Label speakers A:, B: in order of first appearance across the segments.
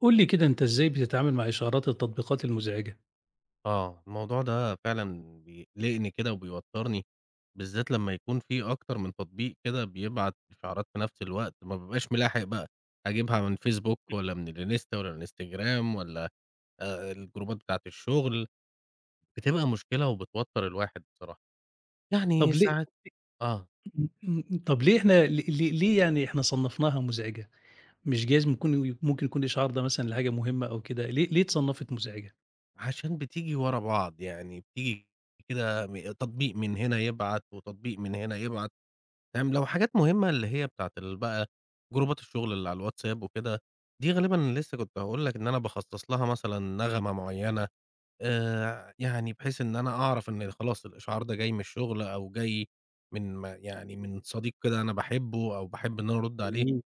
A: قُل لي كده أنت إزاي بتتعامل مع إشعارات التطبيقات المُزعجة؟
B: آه، الموضوع ده فعلًا بيقلقني كده وبيوتّرني بالذّات لمّا يكون في أكتر من تطبيق كده بيبعت إشعارات في نَفْس الوقت ما بابقاش ملاحق بقى، هاجيبها من فيسبوك والّا من الإنستا والّا من الإنستجرام والّا آآ آآ الجروبات بتاعة الشُغل بتبقى مشكلة وبتوتّر الواحد بصراحة.
A: طََب
B: يعني
A: ليه
B: ساعات آه.
A: إمم، إمم، إمم، طَب ليه إحنا لي لي ليه يعني إحنا صنّفناها مُزعجة، مش جايز بيكون ممكن يكون الإشعار ده مثلًا لحاجة مُهمّة أو كده ليه ليه اتصنّفت مُزعجة؟
B: عشان بتيجي ورا بعض يعني بتيجي كده م تطبيق من هنا يبعت وتطبيق من هنا يبعت. فاهم، لو حاجات مُهمّة اللي هي بتاعة ال بقى جروبات الشُغل على الواتساب وكده، دي غالبًا لسه كنت هاقول لك إن أنا باخصّص لها مثلًا نغمة معيّنة آآ ع يعني بحيث إن أنا أعرف إن خلاص الإشعار ده جاي من الشُغل أو جاي من ما يعني من صديق كده أنا باحبّه أو باحب إن أنا أرُد عليه،
A: جميل.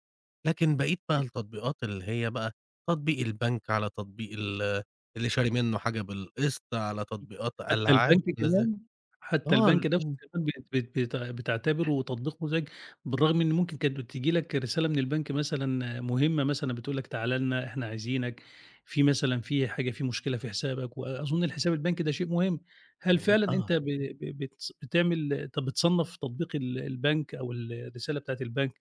B: لكن بقية بقى التطبيقات اللي هي بقى تطبيق البنك على تطبيق ال اللي شاري منّه حاجة بالقسط على تطبيقات
A: حتى البنك
B: ألعاب. [unintelligible]
A: كمان، حتى
B: آه، ال
A: البنك ده
B: إمم.
A: [unintelligible] بيتع بتعتبره تطبيق مُزعج بالرغم إن ممكن كانت بتيجي لك رسالة من البنك مثلًا مُهمّة مثلًا بتقول لك تعالَ لنا، إحنا عايزينك، في مثلًا في حاجة في مشكلة في حسابك وأظُن الحسابات البنكي ده شيء مهم، هل
B: والل
A: فعلًا أنت
B: آه.
A: ب ب ب بتس بتعمل أنت بتصنّف تطبيق ال البنك أو ال الرسالة بتاعة البنك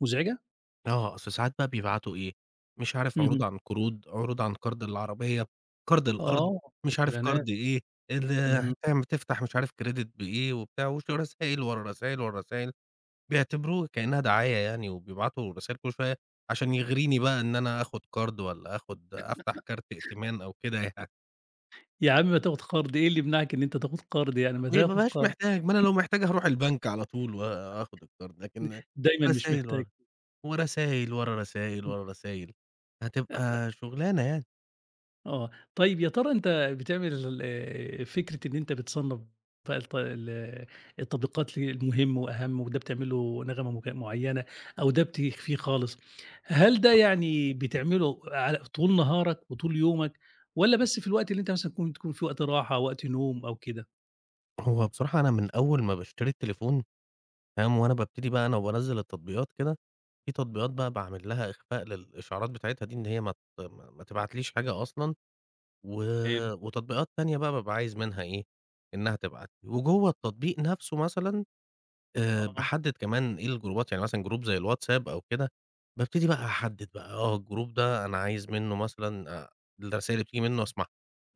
A: مُزعجة؟
B: آه، أصل ساعات بقى بيبعتوا إيه، مش عارف عروض
A: اهم.
B: عن قروض، عروض عن قَرْض للعربية، قَرْض الأرض،
A: آه
B: مش عارف
A: الإعلانات.
B: قَرْض إيه، ال [unintelligible]
A: اهم.
B: أمّا تفتح مش عارف كريدت بإيه وبتاع وش رسايل، ورا رسايل، ورا رسايل. بيعتبروه كإنّها دعاية يعني وبيبعتوا رسايل كل شوية عشان يغريني بقى إن أنا آخُد قَرْض والّا آخُد أفتح كارت ائتمان أو كده يعني.
A: يا عم ما تاخد قَرْض، إيه اللي يمنعك إن أنت تاخد قَرْض؟ يعني ما
B: ما ما
A: تاخد
B: بابقاش
A: قَرْض
B: محتاج، ما أنا لو محتاج هاروح البنك على طول وآخد القَرْض، لكن
A: دايمًا مش
B: رسايل
A: محتاج.
B: ور ورسايل، ورا راسايل، ورا راسايل، هتبقى شُغلانة يعني.
A: آه. طيب يا ترى أنت بتعمل آآ فكرة إن أنت بتصنّف بقى الت ال التطبيقات المهم وأهَم وده بتعمل له نغمة مك معيّنة أو ده بتخفيه خالص، هل ده يعني بتعمله على طول نهارك وطول يومك والّا بس في الوقت اللي أنت مثلًا تكون تكون في وقت راحة وقت نوم أو كده؟
B: هو بصراحة أنا من أول ما باشتري التليفون فاهم، وأنا بابتدي بقى أنا وبانزّل التطبيقات كده، في تطبيقات بقى باعمل لها إخفاء للإشعارات بتاعتها دي إن هي ما ت ما ما تبعتليش حاجة أصلًا و
A: حلو.
B: وتطبيقات تانية بقى بابقى عايز منها إيه، إنّها تبعت لي، وجوّه التطبيق نَفْسه مثلًا، آآ
A: آه.
B: باحدِّد كمان إيه، الجروبات، يعني مثلًا جروب زي الواتساب أو كده، بابتدي بقى أحدِّد بقى، آه الجروب ده أنا عايز منّه مثلًا آآ الرسايل بتيجي منّه أسمعها،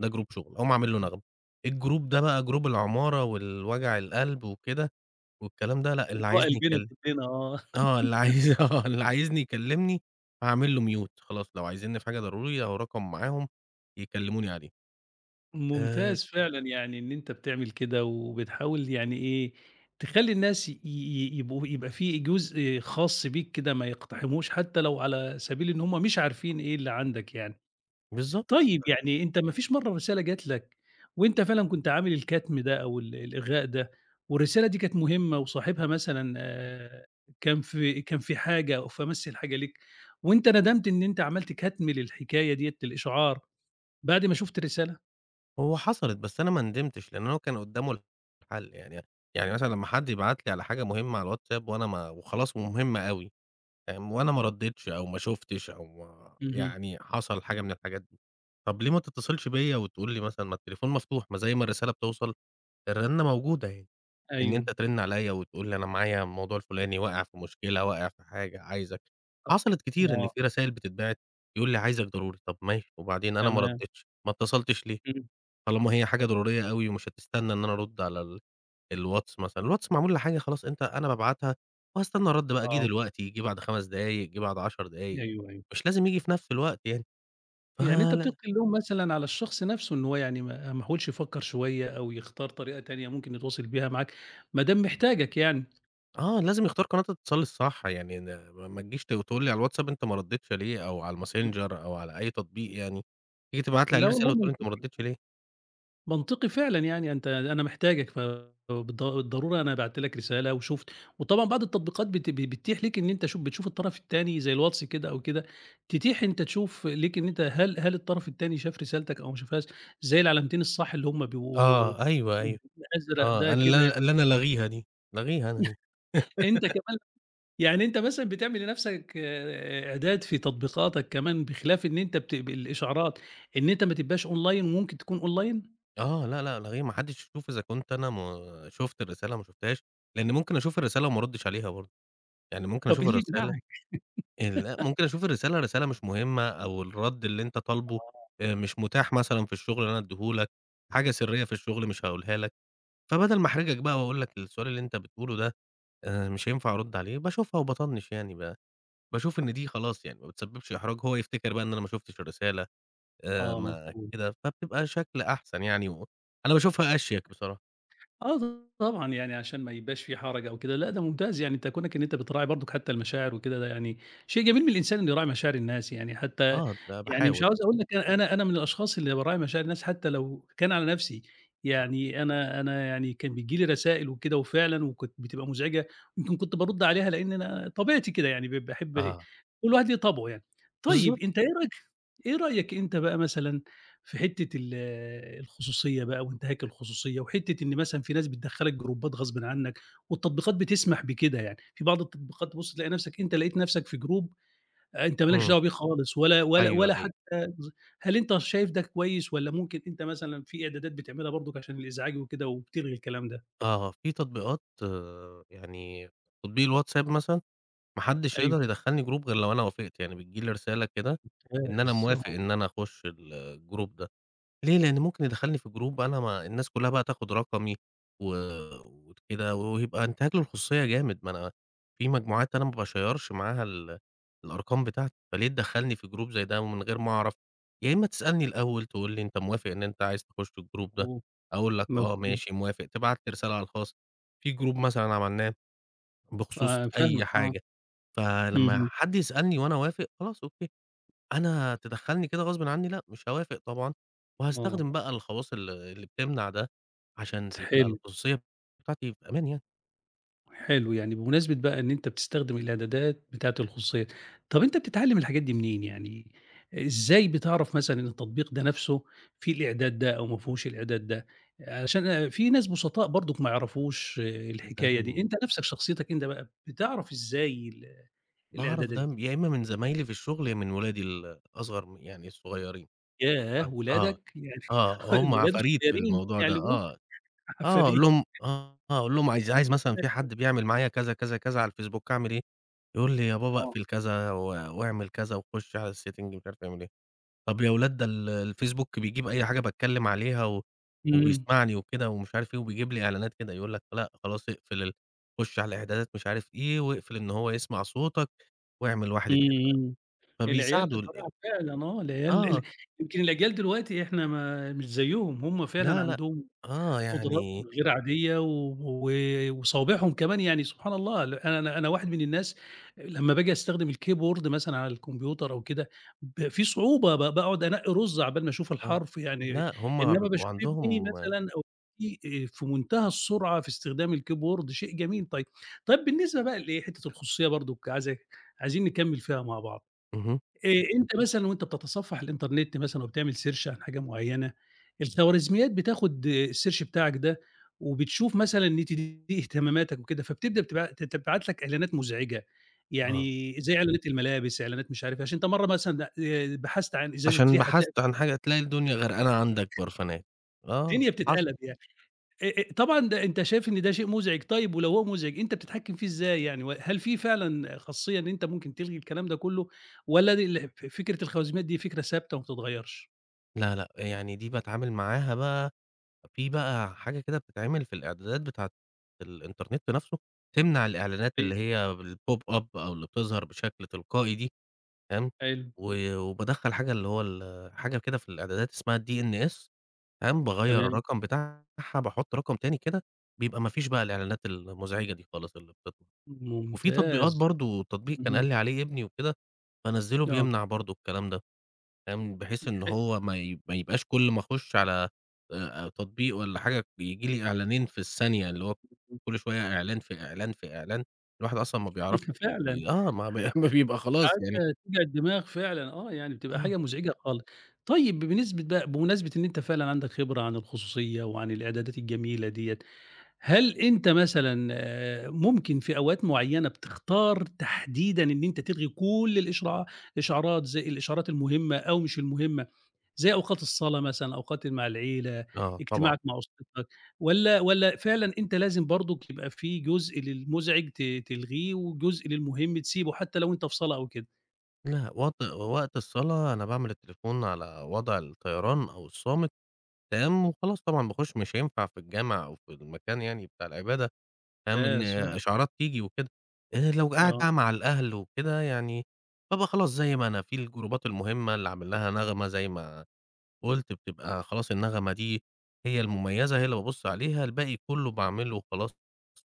B: ده جروب شُغل، أقوم عامل له
A: إمم.
B: نغمة. الجروب ده بقى جروب العمارة والوجع القلب وكده والكلام ده ،لأ، اللي عايزني يكل
A: [unintelligible] آه
B: آه، اللي عايز آه، اللي عايزني يكلِّمني، أعمل له mute خلاص لو عايزينّي في حاجة ضرورية أهو رقمي معاهم يكلِّموني عليه. آآ
A: ممتاز فعلًا، يعني إن أنت بتعمل كده وبتحاول يعني إيه، تخلّي الناس ي ي يبقوا يبقى في جزء خاص بيك كده ما يقتحموش حتى لو على سبيل إن هم مش عارفين إيه اللي عندك يعني
B: بالضبط.
A: طيب يعني أنت ما فيش مرّة رسالة جات لك وأنت فعلًا كنت عامل الكتم ده أو ال الإلغاء ده والرسالة دي كانت مهمة وصاحبها مثلًا آآ كان في كان في حاجة أو في أمَس الحاجة ليك وأنت ندمت إن أنت عملت كتم للحكاية ديّة للإشعار بعد ما شُفت الرسالة؟
B: هو حصلِت، بس أنا ما ندمتش لأن هو كان قدامه الحل، يعني يعني مثلًا لما حد يبعت لي على حاجة مهمة على الواتساب، وأنا ما وخلاص مهمة أوي. فاهم؟ وأنا ما
A: آه.
B: رديتش أو ما شُفتش، أو
A: اهم.
B: يعني حصل حاجة من الحاجات دي طب ليه ما تتصلش بيا وتقول لي مثلًا؟ ما التليفون مفتوح، ما زي ما الرسالة بتوصل، الرنة موجودة أهي. إن
A: أيوه.
B: أنت ترن عليّا وتقول لي: "أنا معايا الموضوع الفلاني، واقع في مشكلة، واقع في حاجة، عايزك"
A: أ
B: حصلت كتير إن
A: آه.
B: في رسايل بتتبعت يقول لي: "عايزك ضروري." طب ماشي، وبعدين أنا ما
A: تمام.
B: رديتش، ما اتصلتش ليه؟
A: إمم.
B: طالما هي حاجة ضرورية أوي مش هتستنى إن أنا أرد على ال الواتس مثلًا، الواتس معمول لحاجة خلاص، أنت أنا بابعتها وهاستنى الرد بقى، جاي
A: آه.
B: دلوقتي، جه بعد 5 دقايق، جه بعد 10 دقايق،
A: أيوه أيوه.
B: مش لازم ييجي في نفس الوقت يعني.
A: يعني أنت
B: فلأ
A: بتلقي اللوم مثلًا على الشخص نفسه إن هو يعني ما ما حاولش يفكر شوية أو يختار طريقة تانية ممكن يتواصل بيها معاك ما دام محتاجك يعني.
B: آه لازم يختار قناة الاتصال الصح يعني ما ما تجيش وتقول لي على الواتساب أنت ما رديتش لي أو على
A: امم.
B: الماسنجر أو على أي تطبيق يعني، تيجي تبعت لي عليه
A: لا والله
B: رسالة وتقول أنت ما
A: منطقي، آه.
B: ردّيتش ليه؟
A: منطقي فعلًا يعني أنت أنا محتاجك ف بالض الضرورة أنا بعت لك رسالة وشُفت وطبعًا بعض التطبيقات بت بت بتتيح ليك إن أنت شوف بتشوف الطرف التاني زي الواتس كده أو كده تتيح أنت تشوف ليك إن أنت هل هل الطرف التاني شاف رسالتك أو ما شافهاش زي العلامتين الصح اللي هم بيبقوا
B: آه أيوه أيوه.
A: [unintelligible] أزرق
B: آه
A: ده
B: أنا اللي
A: كده
B: أنا اللي أنا لاغيها دي، لاغيها أنا دي.
A: أنت كمان يعني أنت مثلًا بتعمل لنفسك إعداد في تطبيقاتك كمان، بخلاف إن أنت بت بالإشعارات إن أنت ما تبقاش أونلاين وممكن تكون online?
B: آه، لا، لا، لا، إيه! ما حدش يشوف إذا كنت أنا ما شُفت الرسالة ما شُفتهاش، لأن ممكن أشوف الرسالة وما أردش عليها برضه. يعني ممكن
A: طب إيه
B: أشوف
A: اللي
B: الرسالة؟
A: يمنعك؟
B: ال لأ، ممكن أشوف الرسالة، الرسالة مش مهمة أو الرد اللي أنت طالبه
A: آه.
B: آآ مش متاح مثلًا في الشغل إن أنا أديه لك. حاجة سرية في الشغل مش هاقولها لك. فبدل ما أحرجك
A: آه.
B: بقى وأقول لك السؤال اللي أنت بتقوله ده، آآ مش هينفع أرد عليه باشوفها وباطنِّش يعني، ب باشوف إن دي خلاص يعني ما بتسببش إحراج هو يفتكر بقى إن أنا ما شُفتش الرسالة. آآ
A: آه،
B: ما
A: مفهوم.
B: كده فبتبقى شكل أحسن يعني و أنا باشوفها أشيك بصراحة.
A: آه طبعًا يعني عشان ما يبقاش في حرج أو كده لأ ده ممتاز يعني أنت كُونك إن أنت بتراعي برضه حتى المشاعر وكده ده يعني شيء جميل من الإنسان إن يراعي مشاعر الناس يعني حتى
B: آه ب
A: يعني مش
B: باحاول.
A: عاوز أقول لك أنا أنا من الأشخاص اللي باراعي مشاعر الناس حتى لو كان على نفسي
B: آه.
A: يعني أنا أنا يعني كان بييجي لي رسائل وكده وفعلًا وكانت بتبقى مزعجة يمكن كنت بارُد عليها لأن أنا طبيعتي كده يعني ب باحب
B: آه.
A: وكل واحد ليه طبعه يعني.
B: بالضبط.
A: طيب أنت إيه رأيك إيه رأيك أنت بقى مثلًا في حتة ال الخصوصية بقى وانتهاك الخصوصية وحِتة إن مثلًا في ناس بتدخّلك جروبات غصبٍ عنك والتطبيقات بتسمح بكده يعني في بعض التطبيقات تبص تلاقي نفسك أنت لقيت نفسك في group أنت ما لكش
B: إمم.
A: دعوة بيه خالص ولا ولا
B: أيوه
A: ولا
B: أيوه.
A: حتى ز هل أنت شايف ده كويس والّا ممكن أنت مثلًا في إعدادات بتعملها برضك عشان الإزعاج وكده وبتلغي الكلام ده؟
B: آه، آه، في تطبيقات يعني تطبيق الWhatsapp مثلًا. ما حدش
A: أيوه.
B: يقدر يدخّلني group غير لو أنا وافقت يعني بتيجي لي رسالة كده إن أنا
A: ممتاز
B: موافق
A: آه.
B: إن أنا أخش الgroup ده. ليه؟ لأن ممكن يدخلني في جروب أنا ما الناس كلها بقى تاخد رقمي. و وكده و وهيبقى أانتهاك للخصوصية جامد ما أنا في مجموعات أنا ما باشَيَّرش معاها ال الأرقام بتاعتي، فليه تدخّلني في جروب زي ده من غير ما أعرف؟ يا إما تسألني الأول تقول لي أنت موافق إن أنت عايز تخش الgroup ده؟
A: فهوم
B: هاقول لك آه
A: مفهوم.
B: ماشي موافق تبعت لي رسالة على الخاص. في group مثلًا عملناه. بخصوص
A: آه فاهمك
B: أي
A: آه.
B: حاجة. فلما
A: اهم.
B: حد يسألني وأنا أوافق خلاص أوكي. أنا تدخّلني كده غصبٍ عني لأ، مش هاوافق طبعًا.
A: آه.
B: وهاستخدم بقى الخواص ال اللي بتمنع ده. عشان تبقى
A: تحِل.
B: الخصوصية بتاعتي في أمان يعني.
A: حلو، يعني بمناسبة بقى إن أنت بتستخدم الإعدادات بتاعة الخصوصية، طَب أنت بتتعلّم الحاجات دي منين يعني، إزاي بتعرف مثلًا إن التطبيق ده نَفْسه فيه الإعداد ده أو ما فيهوش الإعداد ده؟ عشان آآ في ناس بُسطاء برضُك ما يعرفوش
B: ده
A: الحكاية دي،
B: من
A: أنت نَفْسك شخصيتك أنت بقى بتعرف إزاي ال
B: باعرف
A: الإعدادات
B: ده
A: دي؟
B: م يا إمّا من زمايلي في الشُغل يا إمّا من ولادي ال أصغر م يعني الصغيّرين
A: ياه!
B: آه، آه
A: ولادك يعني [unintelligible]
B: آه، هم
A: الولاد
B: عفاريت في
A: الصغيّرين
B: الموضوع ده
A: بيعلموك؟!
B: آه آه، أقول
A: عفاريت.
B: لهم آه، آه، هاقول لهم "عايز عايز مثلًا في
A: [unintelligible]
B: حد بيعمل معايا كذا، كذا، كذا على الفيسبوك أعمل إيه؟" يقول لي "يا بابا
A: آه.
B: أقفل كذا و وأعمل كذا وخُش على الsetting، مش عارف أعمل إيه." طَب يا ولاد "ده ال الفيسبوك بيجيب أي حاجة باتكلّم عليها و
A: إمم.
B: وبيسمعني وكده ومش عارف إيه وبيجيب لي إعلانات كده." يقول لك، "لأ، خلاص أقفل ال خُش على الإعدادات مش عارف إيه، واقفل إن هو يسمع صوتك وأعمل واحد،
A: إمم،
B: اتنين، تلا"
A: إمم العيال
B: فبيساعدوا ال ال
A: بصراحة فعلًا آه، العيال
B: آه.
A: ال يمكن الأجيال دلوقتي إحنا ما مش زيّهم هم فعلًا
B: لا، لأ.
A: عندهم
B: آه،
A: قُدرات
B: يعني
A: غير عادية و و وصوابعهم كمان يعني سبحان الله ال أنا أنا واحد من الناس آآ لمّا بآجي أستخدم الكيبورد مثلًا على الكمبيوتر أو كده ب في صعوبة ب باقعُد أنقّي رُز عَبال ما أشوف
B: آه.
A: الحرف يعني،
B: لأ، هم
A: إنّما
B: بيبقوا
A: باشوف ابني
B: عندهم
A: مثلًا أو بنتي آآ في مُنتهى السرعة في استخدام الكيبورد شيء جميل طيب، طيب بالنسبة بقى لإيه، حتّة الخصوصية برضُك عايز عايزين نكمّل فيها مع بعض،
B: اهم.
A: آآ أنت مثلًا وأنت بتتصفّح الإنترنت مثلًا وبتعمل search عن حاجة معينة الخواريزميات بتاخُد الsearch بتاعك ده وبتشوف مثلًا [unintelligible] إيه اهتماماتك وكده فبتبدأ بتبع ت تبعت لك إعلانات مُزعجة،
B: آه.
A: يعني زي إعلانات الملابس إعلانات مش عارف إيه عشان أنت مرّة مثلًا د آآ بحثت عن إزازة
B: عشان
A: ريحة تلاقي
B: بحثت عن حاجة تلاقي الدنيا غرقانة عندك برفانات آه
A: الدنيا
B: حصل.
A: بتتقلب يعني، أ أ طبعًا ده أنت شايف إن ده شيء مُزعج طيب ولو هو مُزعج أنت بتحكم فيه إزاي يعني وهل في فعلًا خاصيّة إن أنت ممكن تلغي الكلام ده كلّه، والّا دي الح ف فكرة الخواريزميات دي فكرة ثابتة ما بتتغيّرش؟
B: لا، لأ يعني دي باتعامل معاها بقى في بقى حاجة كده بتتعمل في الإعدادات بتاعة الإنترنت نَفْسه تمنع الإعلانات
A: أي
B: اللي هي الpop up أو اللي بتظهر بشكل تلقائي دي، فاهم،
A: حلو.
B: و وبادخَّل حاجة اللي هو ال حاجة كده في الإعدادات اسمها DNS، فاهم، باغيّر
A: تمام.
B: الرقم بتاعها باحُط رقم تاني كده، بيبقى ما فيش بقى الإعلانات المزعجة دي خالص اللي بتطلع وفي تطبيقات
A: ممتاز.
B: برضه، تطبيق كان قال
A: اهم.
B: لي عليه ابني وكده، بانزّله
A: آه.
B: بيمنع برضه الكلام ده، فاهم، بحيث إن
A: [unintelligible]
B: هو ما ي ما يبقاش كل ما أخُش على آآ تطبيق والّا حاجة بييجي لي إعلانين في الثانية اللي هو كل شوية إعلان، في إعلان، في إعلان، الواحد أصلًا ما بيعرفش ي
A: فعلًا.
B: ي آه، ما بي ما بيبقى خلاص يعني.
A: حاجة توجع الدماغ فعلًا آه، يعني بتبقى
B: آه.
A: حاجة مزعجة خالص طيب ب بنسبة بقى بمناسبة إن أنت فعلًا عندك خبرة عن الخصوصية وعن الإعدادات الجميلة ديّة، هل أنت مثلًا آآ ممكن في أوقات معيّنة بتختار تحديدًا إن أنت تلغي كل الإشعارات إشعارات زي الإشعارات المهمة أو مش المهمة زي أوقات الصلاة مثلًا، أوقات اللي مع العيلة،
B: آه طبعًا.
A: اجتماعك مع أسرتك، والّا والّا فعلًا أنت لازم برضُك تبقى في جزء للمزعج ت تلغيه، وجزء للمهم تسيبه حتى لو أنت في صلاة أو كده؟
B: لأ، وت وقت الصلا، أنا باعمل التليفون على وضع الطيران أو الصامت، تمام وخلاص طبعًا باخش مش هينفع في الجامع أو في المكان يعني بتاع العبادة، فاهم، إن
A: [unintelligible]
B: إشعارات تيجي وكده آآ لو قاعد بقى
A: آه.
B: مع الأهل وكده يعني ببقى خلاص زي ما أنا في الجروبات المهمة اللي عامل لها نغمة- زي ما قُلت بتبقى خلاص النغمة دي هي المميزة، هي اللي بابُصّ عليها، الباقي كُلّه باعمل له وخلاص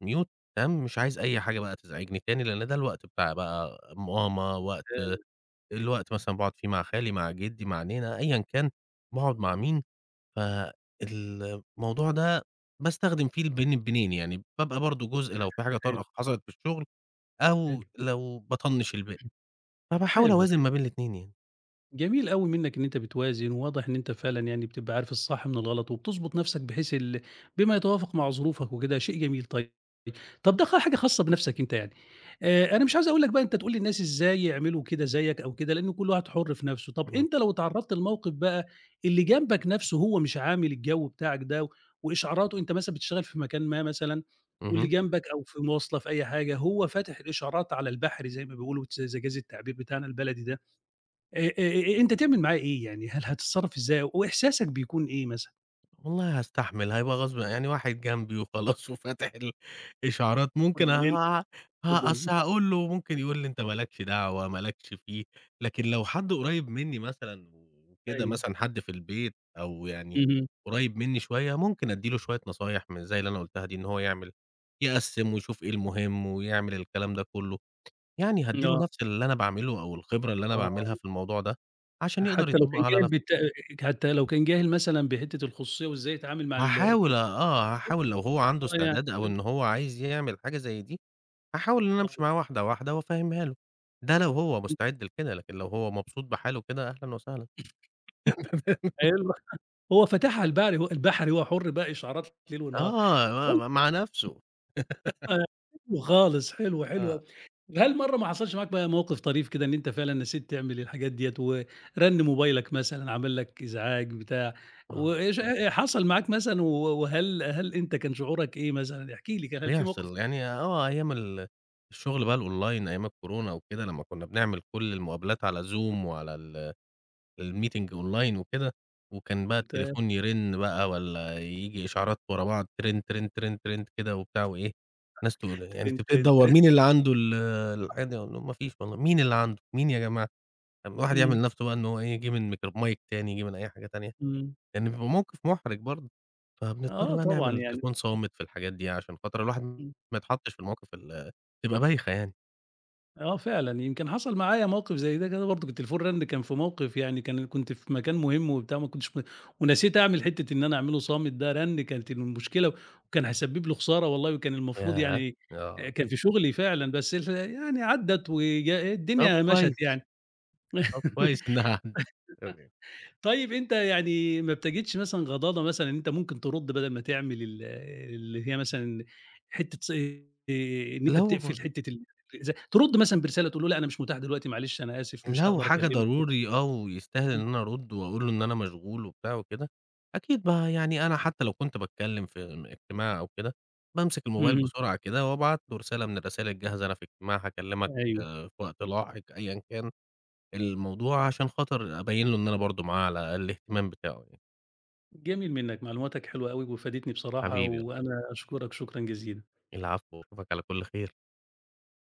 B: mute تمام، مش عايز أي حاجة بقى تزعجني تاني لأن ده الوقت بتاع بقى ماما، وقت
A: [unintelligible]
B: الوقت مثلًا باقعد فيه مع خالي مع جِدّي، مع نينا أيًا كان باقعد مع مين، فالموضوع ده باستخدم فيه البين بينين، يعني بابقى برضه جزء لو في حاجة
A: حلو.
B: طارئة حصلت في الشُغل أو
A: حلو.
B: لو باطَنّش الباقي،
A: إمم
B: فباحاول
A: حلو، ح
B: أوازن ما بين الاتنين يعني.
A: جميل أوي منّك إن أنت بتوازن، وواضح إن أنت فعلًا يعني بتبقى عارف الصح من الغلط وبتضبُط نَفْسك بحيث ال بما يتوافق مع ظروفك وكده، شيء جميل طيب طَب ده خ حاجة خاصة بنَفْسك أنت يعني آآ أنا مش عايز أقول لك بقى أنت تقول للناس إزاي يعملوا كده زيّك أو كده، لأن كل واحد حُر في نَفْسه. طَب
B: اهم.
A: أنت لو اتعرّضت لموقف بقى اللي جنبك نَفْسه هو مش عامل الجَو بتاعك ده وإشعاراته، أنت مثلًا بتشتغل في مكان ما مثلًا، واللي
B: اهم.
A: جنبك أو في مواصلة، في أي حاجة، هو فاتح الإشعارات على البحري زي ما بيقولوا تس إذا جَازَ التعبير بتاعنا البلدي ده. آآ آآ أ أنت تعمل معاه إيه، يعني هل هتتصرّف إزاي، وإحساسك بيكون إيه مثلًا؟
B: والله هأستحمل هيبقى غصب يعني واحد جنبي وخلاص وفاتح الإشعارات، ممكن ه
A: [unintelligible]
B: أصل
A: [unintelligible]
B: هأقول له، ممكن يقول لي: "أنت ما لكش دعوة، ما لكش فيه"، لكن لو حد قريّب مني مثلًا وكده
A: أيوه.
B: مثلًا حد في البيت أو يعني
A: اهم.
B: قريّب مني شوية، ممكن أدي له شوية نصايح من زي اللي أنا قُلتها دي إن هو يعمل يقسّم ويشوف إيه المهم ويعمل الكلام ده كلّه يعني،
A: ن
B: هأدي له
A: آه.
B: نفس اللي أنا باعمله أو الخبرة اللي
A: آه.
B: أنا
A: آه.
B: باعملها في الموضوع ده، عشان يقدر
A: حتى لو كان
B: يطبقها على
A: جاهل
B: نفسه.
A: بت حتى لو كان جاهل مثلًا بحتة الخصوصية وإزاي يتعامل مع ال
B: هاحاول أ
A: التطبيق؟
B: آه،
A: [unintelligible]
B: هاحاول لو هو عنده
A: آه يعني
B: استعداد أو
A: فهمتك.
B: إن هو عايز يعمل حاجة زي دي. هاحاول إن أنا أمشي
A: آه.
B: مع واحدة واحدة وأفهمها له. ده لو هو مستعد لكده، لكن لو هو مبسوط بحاله كده أهلا وسهلا. فاهم.
A: حلوة هو فاتحها على البقري البحري هو حر بقى إشعارات ليل ونهار،
B: آه،
A: طي
B: م مع نفسه.
A: حلو خالص حلو حلو أوي.
B: آه.
A: هل مرّة ما حصلش معاك بقى موقف طريف كده إن أنت فعلًا نسيت تعمل الحاجات ديّة ورن موبايلك مثلًا، عمل لك إزعاج بتاع، و
B: آه.
A: اشح حصل معاك مثلًا و وهل هل أنت كان شعورك إيه مثلًا؟ احكِ لي كده، هل في موقف
B: بيحصل يعني آه أيام ال الشغل بقى الonline أيام الكورونا وكده، لمّا كنا بنعمل كل المقابلات على Zoom وعلى ال الmeeting online وكده. وكان بقى
A: تمام.
B: التليفون يرن بقى والّا ييجي إشعارات ورا بعض، ترن، ترن، ترن كده وبتاع وإيه؟ ناس تقو يعني
A: ترن،
B: تبتدي
A: ترن،
B: تدوّر
A: ترن.
B: مين اللي عنده ال الحاجة مفيش والله، مين اللي عنده مين يا جماعة؟ طب الواحد يعمل
A: إمم.
B: نفسه بقى إن هو إيه يجيب الميكروف mic تاني، ييجي من أي حاجة تانية؟
A: إمم.
B: يعني بيبقى موقف مُحرج برضو. فبنضطر
A: آه
B: بقى نعمل
A: طبعًا يعني
B: التليفون صامت في الحاجات دي عشان خاطر الواحد
A: امم.
B: ما يتحطش في المواقف ال بتبقى بايخة يعني.
A: آه فعلًا يمكن حصل معايا موقف زي ده كده برضك، التليفون رنّ كان في موقف يعني كان كنت في مكان مهم وبتاع، ما كنتش م ونسيت أعمل حتة إن أنا أعمله صامت ده رنّ كانت المشكلة وكان هيسبب لي خسارة والله، كان المفروض
B: ياه!
A: يعني
B: آه.
A: كان في شغلي فعلًا بس ال يعني عدّت وج
B: طَب
A: الدنيا مشَت
B: كويس
A: يعني.
B: طب كويس إنها تمام.
A: طيب أنت يعني ما بتجدش مثلًا غضاضة مثلًا إن أنت ممكن ترد بدل ما تعمل ال اللي هي مثلًا حتة ص آآ، إن أنت
B: لو
A: بتِقفل حتة الأزع ترد مثلًا برسالة تقول له: "لأ أنا مش متاح دلوقتي، معلش أنا آسف مش
B: لو
A: هاقدر
B: حاجة
A: أكلمك."
B: ضروري آه ويستاهل إن
A: امم.
B: أنا أرد وأقول له إن أنا مشغول وبتاع وكده. أكيد بقى يعني أنا حتى لو كنت باتكلم في ام اجتماع أو كده بامسك الموبايل
A: اهم.
B: بسرعة كده وأبعت له رسالة من الرسايل الجاهزة أنا في إجتماع هاكلمك
A: أيوه.
B: في وقت لاحق أيًا كان. الموضوع عشان خاطر أبين له إن أنا برضه معاه على الأقل الاهتمام بتاعه يعني.
A: جميل منك معلوماتك حلوة أوي وفادتني بصراحة
B: حبيبي. [unintelligible]
A: وأنا أشكرك شكرًا جزيلًا.
B: العفو، وأشوفك على كل خير.